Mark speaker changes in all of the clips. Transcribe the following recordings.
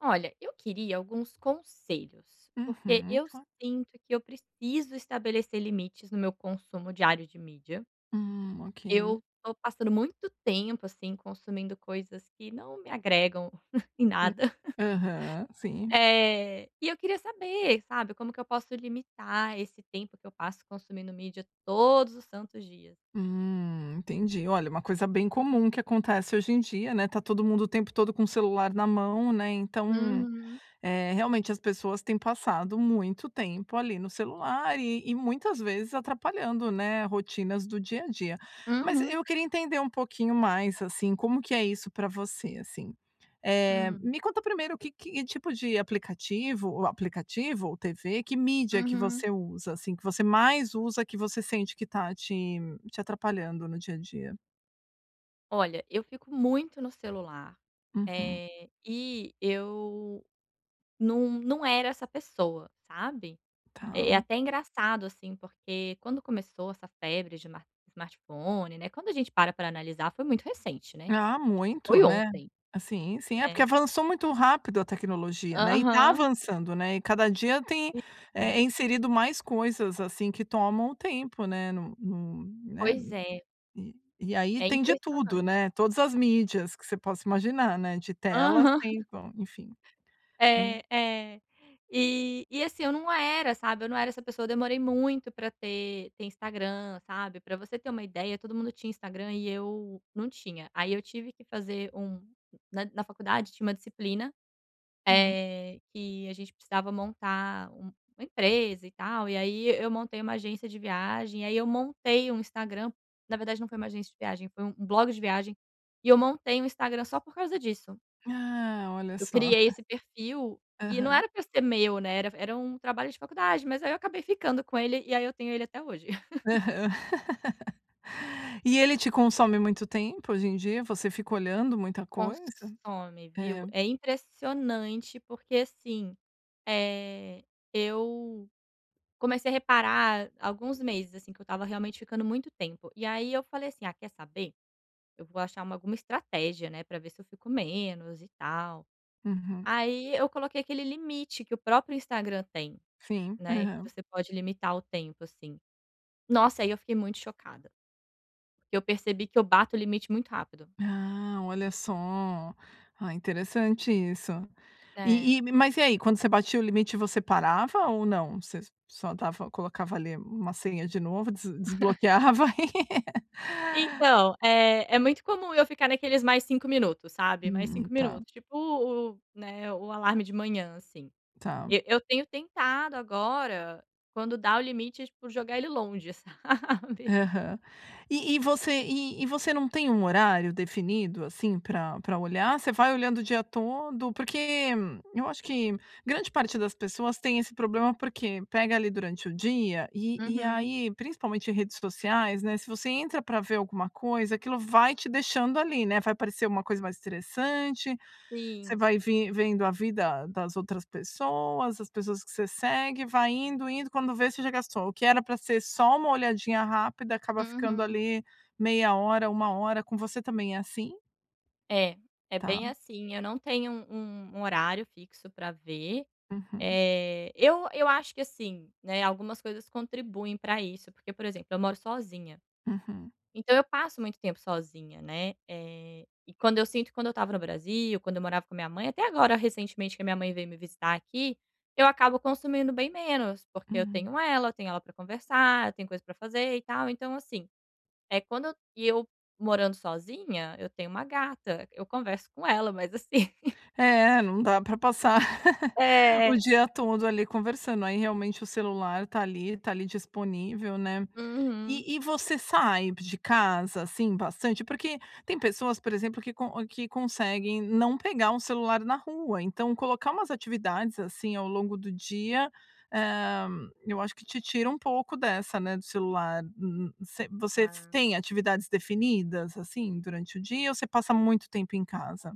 Speaker 1: Olha, eu queria alguns conselhos. Porque
Speaker 2: Uhum,
Speaker 1: eu
Speaker 2: cla
Speaker 1: sinto que eu preciso estabelecer limites no meu consumo diário de mídia.
Speaker 2: Hum, ok.
Speaker 1: Eu tô passando muito tempo, assim, consumindo coisas que não me agregam em
Speaker 2: Hu
Speaker 1: nada
Speaker 2: aham, sim.
Speaker 1: eh, e eu queria saber, sabe? Como que eu posso limitar esse tempo que eu passo consumindo mídia todos os santos dias.
Speaker 2: Hum, entendi. Olha, uma coisa bem comum que acontece hoje em dia, né. Tá todo mundo o tempo todo com o celular na mão, né. Então,
Speaker 1: Uhum.
Speaker 2: eh, realmente as pessoas têm passado muito tempo ali no celular e e muitas vezes atrapalhando, né, rotinas do dia a dia. Mas,
Speaker 1: Uhum.
Speaker 2: eu queria entender um pouquinho mais, assim, como que é isso pra você, assim? Eh,
Speaker 1: Hum.
Speaker 2: me conta primeiro o q q que tipo de aplicativo ou aplicativo ou TV, que mídia que
Speaker 1: Uhum.
Speaker 2: você usa, assim, que você mais usa, que você sente que está te te atrapalhando no dia a dia?
Speaker 1: Olha, eu fico muito no celular,
Speaker 2: Uhum.
Speaker 1: eh, e eu nu não era essa pessoa, sabe. Eh, é
Speaker 2: Tá.
Speaker 1: até engraçado, assim, porque quando começou essa febre de smar smartphone, né, quando a gente para para analisar foi muito recente, né. Tipo
Speaker 2: Ah, muito,
Speaker 1: foi
Speaker 2: né.
Speaker 1: ontem,
Speaker 2: Assim sim, é porque
Speaker 1: né.
Speaker 2: avançou muito rápido a tecnologia, né. E tá
Speaker 1: Aham.
Speaker 2: avançando, né. E cada dia tem, eh,
Speaker 1: [unintelligible]
Speaker 2: inserido mais coisas assim que tomam o tempo, né. Nu nu né,
Speaker 1: Pois
Speaker 2: n
Speaker 1: é.
Speaker 2: e e aí
Speaker 1: É
Speaker 2: tem de tudo,
Speaker 1: impressionante.
Speaker 2: né. Todas as mídias que você possa imaginar, né, de tela
Speaker 1: Aham.
Speaker 2: Se tão, enfim. Hum.
Speaker 1: É é. E e assim eu não era, sabe. Eu não era essa pessoa, demorei muito para ter ter Instagram, sabe? Pra você ter uma ideia todo mundo tinha Instagram e eu não tinha, aí eu tive que fazer um na na faculdade tinha uma disciplina,
Speaker 2: Uhum.
Speaker 1: eh, que a gente precisava montar um uma empresa e tal, e aí eu montei uma agência de viagem, e aí eu montei um Instagram na verdade não foi uma agência de viagem, foi um blog de viagem e eu montei um Instagram só por causa disso.
Speaker 2: Ah, olha
Speaker 1: Eu
Speaker 2: só.
Speaker 1: criei esse perfil e não
Speaker 2: Aham.
Speaker 1: era para ser meu, né, era era um trabalho de faculdade, mas aí eu acabei ficando com ele, e aí eu tenho ele até hoje.
Speaker 2: Aham. E ele te consome muito tempo hoje em dia? Você fica olhando muita coisa?
Speaker 1: Consome, viu?
Speaker 2: É.
Speaker 1: É impressionante, porque assim, eh, eu comecei a reparar alguns meses, assim, que eu tava realmente ficando muito tempo, e aí eu falei assim: "Ah quer saber, eu vou achar uma alguma estratégia, né, pra ver se eu fico menos e tal."
Speaker 2: Uhum.
Speaker 1: Aí eu coloquei aquele limite que o próprio Instagram tem,
Speaker 2: Sim,
Speaker 1: né. Que
Speaker 2: aham.
Speaker 1: você pode limitar o tempo assim. Nossa, aí eu fiquei muito chocada. Porque eu percebi que eu bato o limite muito rápido.
Speaker 2: Ah, olha só! Ah interessante isso.
Speaker 1: É.
Speaker 2: E e mas e aí, quando você batia o limite você parava ou não? Você s só dava colocava ali uma senha de novo des desbloqueava?
Speaker 1: Então, eh, é muito comum eu ficar naqueles mais 5 minutos, sabe. Mais
Speaker 2: Hum,
Speaker 1: 5
Speaker 2: tá.
Speaker 1: minutos, tipo, u u né. O alarme de manhã assim.
Speaker 2: Tá.
Speaker 1: E eu tenho tentado agora, quando dá o limite tipo, jogar ele longe, sabe?
Speaker 2: Aham. E e você e e você não tem horário definido assim pra pra olhar? Você vai olhando o dia todo? Porque eu acho que grande parte das pessoas tem esse problema, porque? Pega ali durante o dia e e
Speaker 1: Uhum.
Speaker 2: aí principalmente redes sociais, né, se você entra pra ver alguma coisa, aquilo vai te deixando ali, né? Vai parecer uma coisa mais interessante. Você
Speaker 1: Sim.
Speaker 2: vai vim vendo a vida das outras pessoas, as pessoas que você segue, vai indo, indo, quando vê, você já gastou. O que era pra ser só uma olhadinha rápida, acaba ficando
Speaker 1: Uhum.
Speaker 2: ali meia hora, 1 hora. Com você também é assim?
Speaker 1: É, é
Speaker 2: Tá.
Speaker 1: bem assim. Eu não tenho um um horário fixo para ver.
Speaker 2: Uhum.
Speaker 1: Eh, eu eu acho que assim, né, algumas coisas contribuem pra isso, porque, por exemplo, eu moro sozinha.
Speaker 2: Uhum.
Speaker 1: Então eu passo muito tempo sozinha, né? Eh, e quando eu sinto quando eu estava no Brasil, quando eu morava com minha mãe até agora, recentemente, que a minha mãe veio me visitar aqui, eu acabo consumindo bem menos, porque eu
Speaker 2: Hum.
Speaker 1: tenho ela, eu tenho ela pra conversar, eu tenho coisa pra fazer e tal. Então assim, eh, quando e eu, morando sozinha, eu tenho uma gata, eu converso com ela, mas assim
Speaker 2: É, não dá pra passar, o
Speaker 1: É.
Speaker 2: dia todo ali conversando. Aí, realmente, o celular tá ali tá ali disponível, né?
Speaker 1: Uhum.
Speaker 2: E e você sai de casa, assim, bastante? Porque tem pessoas, por exemplo, que con ou que conseguem não pegar o celular na rua. Então colocar umas atividades, assim, ao longo do dia, hã, eu acho que te tira um pouco dessa, né, do celular. M m, você você
Speaker 1: Ah.
Speaker 2: tem atividades definidas, assim, durante o dia ou você passa muito tempo em casa?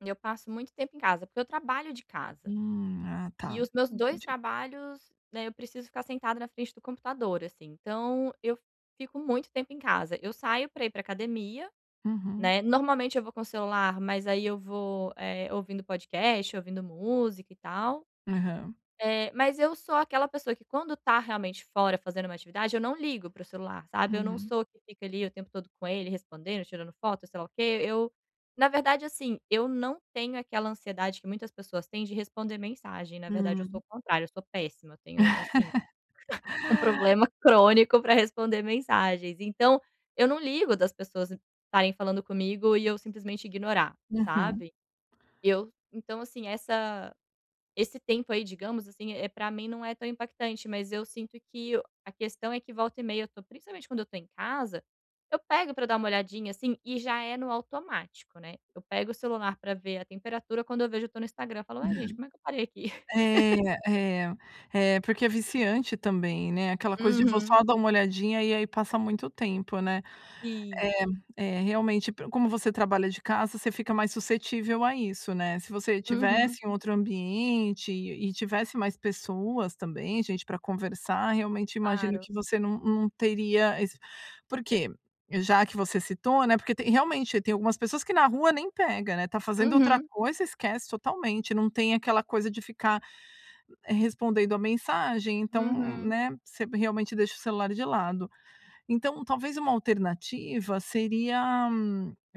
Speaker 1: Eu passo muito tempo em casa, porque eu trabalho de casa.
Speaker 2: Hum. Ah, tá.
Speaker 1: E os meus 2
Speaker 2: Entendi.
Speaker 1: trabalhos, né, eu preciso ficar sentada na frente do computador, assim. Então, eu fico muito tempo em casa. Eu saio pra ir pra academia,
Speaker 2: Uhum.
Speaker 1: né, normalmente eu vou com celular, mas aí eu vou, eh, ouvindo podcast, ouvindo música e tal.
Speaker 2: Aham.
Speaker 1: Eh, mas eu sou aquela pessoa que quando tá realmente fora fazendo uma atividade, eu não ligo pro celular, sabe? Eu não
Speaker 2: Uhum.
Speaker 1: sou que fica ali o tempo todo com ele, respondendo, tirando foto, sei lá o quê. Eu na verdade, assim, eu não tenho aquela ansiedade que muitas pessoas têm de responder mensagem. Na verdade, eu sou
Speaker 2: Hum.
Speaker 1: o contrário. Eu sou péssima, eu tenho assim um problema crônico pra responder mensagens. Então, eu não ligo das pessoas estarem falando comigo e eu simplesmente ignorar,
Speaker 2: Uhum.
Speaker 1: sabe? Eu então, assim essa esse tempo, aí, digamos assim, eh, pra mim não é tão impactante, mas eu sinto que o a questão é que, volta e meia, eu tô principalmente quando eu tô em casa, eu pego pra dar uma olhadinha, assim, e já é no automático, né? Eu pego o celular pra ver a temperatura, quando eu vejo, eu tô no Instagram. Eu falo: "Ué, gente? Como é que eu parei aqui?"
Speaker 2: É é é porque é viciante também, né? Aquela coisa de vou
Speaker 1: Uhum.
Speaker 2: só dar um olhadinha, e aí, passa muito tempo, né?
Speaker 1: Sim.
Speaker 2: É é realmente pro como você trabalha de casa, você fica mais suscetível a isso, né? Se você
Speaker 1: Uhum.
Speaker 2: estivesse em outro ambiente e tivesse mais pessoas também, gente pra conversar, realmente, imagino
Speaker 1: Claro.
Speaker 2: que você não não teria ess porque já que você citou, né? Porque tem realmente, tem algumas pessoas que na rua nem pega, né? Tá fazendo outra
Speaker 1: Uhum.
Speaker 2: coisa, esquece totalmente. Não tem aquela coisa de ficar respondendo a mensagem. Então,
Speaker 1: Uhum.
Speaker 2: né? Você realmente deixa o celular de lado. Então, talvez uma alternativa seria,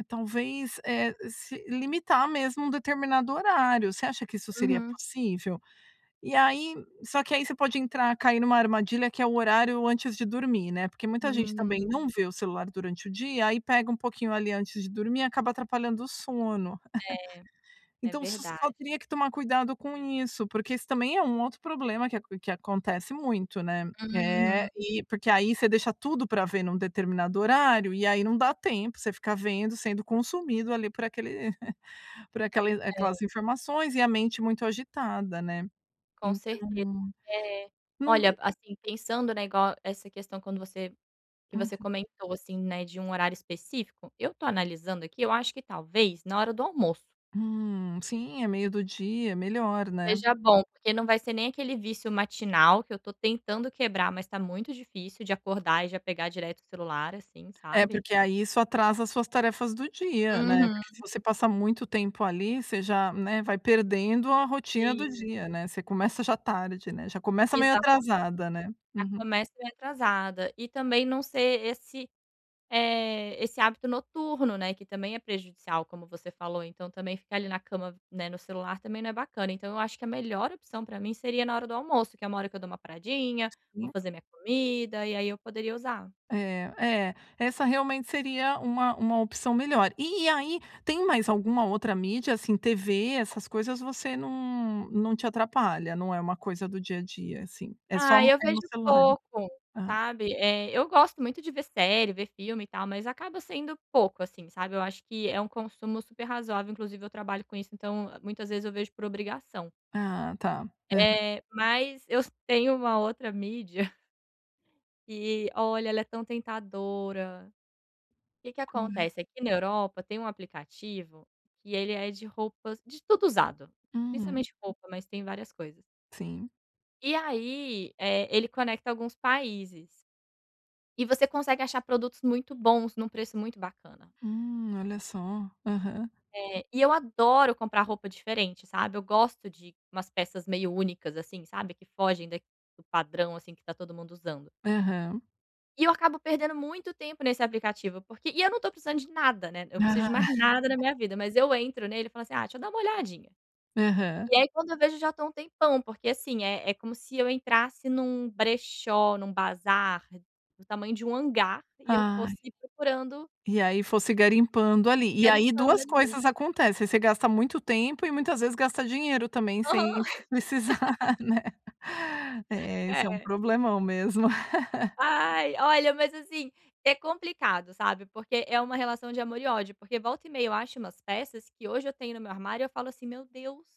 Speaker 2: talvez, eh se limitar mesmo um determinado horário. Você acha que isso seria
Speaker 1: Uhum.
Speaker 2: possível? E aí só que, aí, você pode entrar cair numa armadilha, que é o horário antes de dormir, né? Porque muita gente também
Speaker 1: Hum.
Speaker 2: não vê o celular durante o dia, aí pega um pouquinho ali antes de dormir, e acaba atrapalhando o sono.
Speaker 1: É, é
Speaker 2: Então você só
Speaker 1: verdade.
Speaker 2: teria que tomar cuidado com isso, porque isso também é um outro um problema que aco que acontece muito, né? É,
Speaker 1: Uhum.
Speaker 2: e porque, aí, você deixa tudo pra ver num determinado horário, e aí, não dá tempo. Você ficar vendo, sendo consumido, ali, por aquele por aquel
Speaker 1: É.
Speaker 2: aquelas informações e a mente muito agitada, né?
Speaker 1: Com
Speaker 2: Então
Speaker 1: certeza. É.
Speaker 2: não
Speaker 1: Olha, assim, pensando, né, igual essa questão quando você que você
Speaker 2: Uhum.
Speaker 1: comentou, assim, né, de um horário específico. Eu tô analisando aqui. Eu acho que, talvez, na hora do almoço
Speaker 2: Hum, sim. É meio do dia. Melhor, né?
Speaker 1: seja bom, porque não vai ser nem aquele vício matinal, que eu tô tentando quebrar mas tá muito difícil, de acordar e já pegar direto o celular, assim,
Speaker 2: É,
Speaker 1: sabe?
Speaker 2: porque, aí, isso atrasa as suas tarefas do dia, né?
Speaker 1: Uhum.
Speaker 2: Porque se você passa muito tempo, ali, você já, né, vai perdendo a rotina do
Speaker 1: Sim.
Speaker 2: dia, né? Você começa já tarde, né? Já começa meio
Speaker 1: Exatamente,
Speaker 2: atrasada, né?
Speaker 1: já
Speaker 2: Uhum.
Speaker 1: começa atrasada. E também não ser esse eh, esse hábito noturno, né, que também é prejudicial, como você falou. Então também ficar ali na cama, né, no celular também não é bacana. Então eu acho que a melhor opção, pra mim, seria na hora do almoço, que é uma hora que eu dou uma paradinha, vou
Speaker 2: Sim.
Speaker 1: fazer minha comida, e aí, eu poderia usar.
Speaker 2: É. É, essa realmente seria uma uma opção melhor. E aí, tem mais alguma outra mídia? Assim, TV, essas coisas, você não não te atrapalha, não é uma coisa do dia a dia, assim? É só
Speaker 1: Ah,
Speaker 2: no
Speaker 1: eu
Speaker 2: é
Speaker 1: vejo
Speaker 2: no celular.
Speaker 1: pouco,
Speaker 2: Ah.
Speaker 1: sabe? Eh, eu gosto muito de ver série, ver filme e tal, mas acaba sendo pouco assim, sabe? Eu acho que é consumo super razoável. Inclusive, eu trabalho com isso, então, muitas vezes, eu vejo por obrigação.
Speaker 2: Ah tá. Aham.
Speaker 1: Eh, mas eu tenho uma outra mídia que, olha, ela é tão tentadora. Que que
Speaker 2: Qual é?
Speaker 1: acontece: aqui, na Europa, tem um aplicativo que ele é de roupas de tudo usado,
Speaker 2: Hum.
Speaker 1: principalmente roupa, mas tem várias coisas.
Speaker 2: Sim.
Speaker 1: E aí, eh, ele conecta alguns países. E você consegue achar produtos muito bons, num preço muito bacana.
Speaker 2: Hum, olha só. Aham.
Speaker 1: É, e eu adoro comprar roupa diferente, sabe? Eu gosto de umas peças meio únicas, assim, sabe, que fogem daq do padrão, assim, que tá todo mundo usando.
Speaker 2: Aham.
Speaker 1: E eu acabo perdendo muito tempo nesse aplicativo, porque e eu não tô precisando de nada, né? Eu preciso
Speaker 2: Aham.
Speaker 1: de mais nada na minha vida, mas eu entro nele e falo assim: "Ah deixa eu dar uma olhadinha".
Speaker 2: Aham.
Speaker 1: E aí quando eu vejo, já tô um tempão, porque assim, é é como se eu entrasse num brechó, num bazar do tamanho de um hangar e eu
Speaker 2: Ai.
Speaker 1: fosse procurando
Speaker 2: E aí fosse garimpando ali.
Speaker 1: E
Speaker 2: E aí
Speaker 1: garimpando
Speaker 2: duas
Speaker 1: ali.
Speaker 2: coisas acontecem: Você gasta muito tempo e muitas vezes gasta dinheiro também
Speaker 1: Aham.
Speaker 2: sem precisar, né? É, esse é um
Speaker 1: É.
Speaker 2: problemão mesmo.
Speaker 1: Ai, olha, mas assim, é complicado sabe? Porque é uma relação de amor e ódio, porque volta e meia eu acho umas peças que hoje eu tenho no meu armário, eu falo assim: "Meu Deus",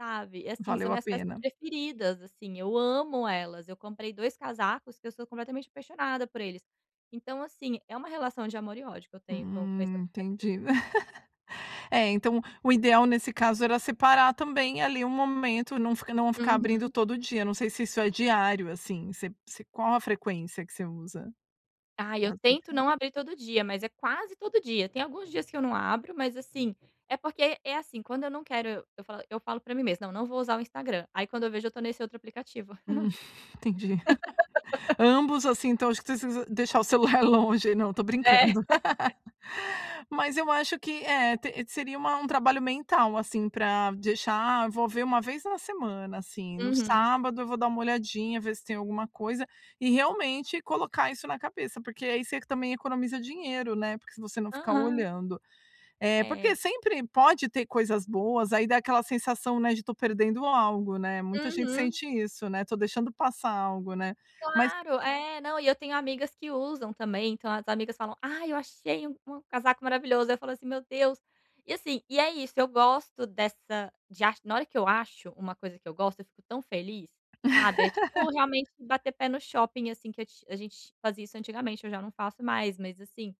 Speaker 1: sabe? Assim são
Speaker 2: Valeu a
Speaker 1: minhas peças
Speaker 2: pena.
Speaker 1: preferidas, assim eu amo elas, eu comprei 2 casacos que eu sou completamente apaixonada por eles. Então assim, é uma relação de amor e ódio que eu tenho com com esse
Speaker 2: Hum,
Speaker 1: aplicativo.
Speaker 2: entendi. Eh, então o ideal nesse caso era separar também ali um momento não f não ficar abrindo
Speaker 1: Uhum.
Speaker 2: todo dia, não sei se isso é diário assim, você se qual a frequência que você usa?
Speaker 1: Ai, eu tento
Speaker 2: [unintelligible]
Speaker 1: não abrir todo dia, mas é quase todo dia. Tem alguns dias que eu não abro, mas assim, é porque é assim, quando eu não quero eu eu falo eu falo pra mim mesmo: "não não vou usar o Instagram", aí quando eu vejo, eu tô nesse outro aplicativo.
Speaker 2: Hum, entendi. Ambos assim então [unintelligible] deixar o celular longe, não tô
Speaker 1: É.
Speaker 2: brincando. Mas eu acho que eh, t seria um trabalho mental, assim pra deixar envolver uma vez na semana assim, no
Speaker 1: Uhum.
Speaker 2: sábado eu vou dar uma olhadinha, ver se tem alguma coisa e realmente colocar isso na cabeça, porque aí você também economiza dinheiro, né? Porque se você não ficar
Speaker 1: Aham.
Speaker 2: olhando. É,
Speaker 1: É.
Speaker 2: porque sempre pode ter coisas boas aí dá aquela sensação, né, de tô perdendo algo, né? Muita gente
Speaker 1: Uhum.
Speaker 2: sente isso, né? Tô deixando passar algo, né? Mas
Speaker 1: Claro, é, não e eu tenho amigas que usam também, então as amigas falam: "Ai eu achei u um casaco maravilhoso", ai eu falo assim: "Meu Deus". E assim, e é isso eu gosto dessa de ach na hora que eu acho uma coisa que eu gosto, eu fico tão feliz, sabe? É tipo realmente bater pé no shopping assim que é a a gente fazia isso antigamente, eu já não faço mais. Mas assim,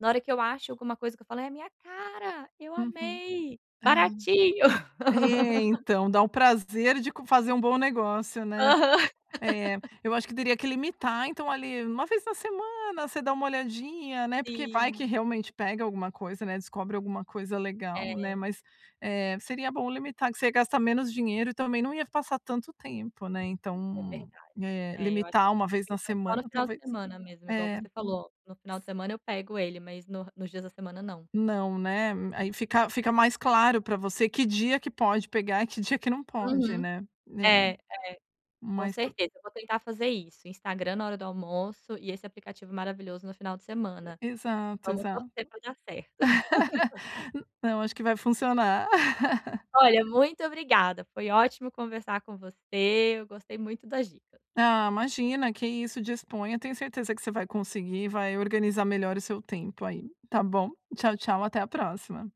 Speaker 1: na hora que eu acho alguma coisa que eu falo: "É a minha cara, eu
Speaker 2: Uhum.
Speaker 1: amei,
Speaker 2: Ah.
Speaker 1: baratinho".
Speaker 2: É, então, dá um prazer de c fazer um bom negócio, né?
Speaker 1: Aham.
Speaker 2: É, eu acho que teria que limitar, então ali, uma vez na semana, você dá uma olhadinha, né? Porque vai que
Speaker 1: Sim.
Speaker 2: realmente pega alguma coisa, né? Descobre alguma coisa legal, né?
Speaker 1: É.
Speaker 2: Mas, eh, seria bom limitar, que você gasta menos dinheiro e também não ia passar tanto tempo, né?
Speaker 1: É
Speaker 2: Então,
Speaker 1: verdade.
Speaker 2: eh,
Speaker 1: É, eu acho,
Speaker 2: limitar uma vez na
Speaker 1: [unintelligible] só no
Speaker 2: semana,
Speaker 1: final de
Speaker 2: talvez?
Speaker 1: semana mesmo igual
Speaker 2: É.
Speaker 1: você falou: "No final de semana eu pego ele, mas no nos dias da semana não".
Speaker 2: Não, né? Aí fica fica mais claro para você que dia que pode pegar, que dia que não pode,
Speaker 1: Uhum.
Speaker 2: né? Eh,
Speaker 1: É, é, com
Speaker 2: mas pro
Speaker 1: certeza vou tentar fazer isso: Instagram na hora do almoço e esse aplicativo maravilhoso no final de semana.
Speaker 2: Exato,
Speaker 1: Vamos
Speaker 2: exato,
Speaker 1: torcer pra dar certo.
Speaker 2: não, acho que vai funcionar.
Speaker 1: Olha, muito obrigada, foi ótimo conversar com você, eu gostei muito das dicas.
Speaker 2: Ah, imagina, que isso, disponha. Tenho certeza que você vai conseguir, vai organizar melhor o seu tempo aí. Tá bom? Tchau tchau, até a próxima!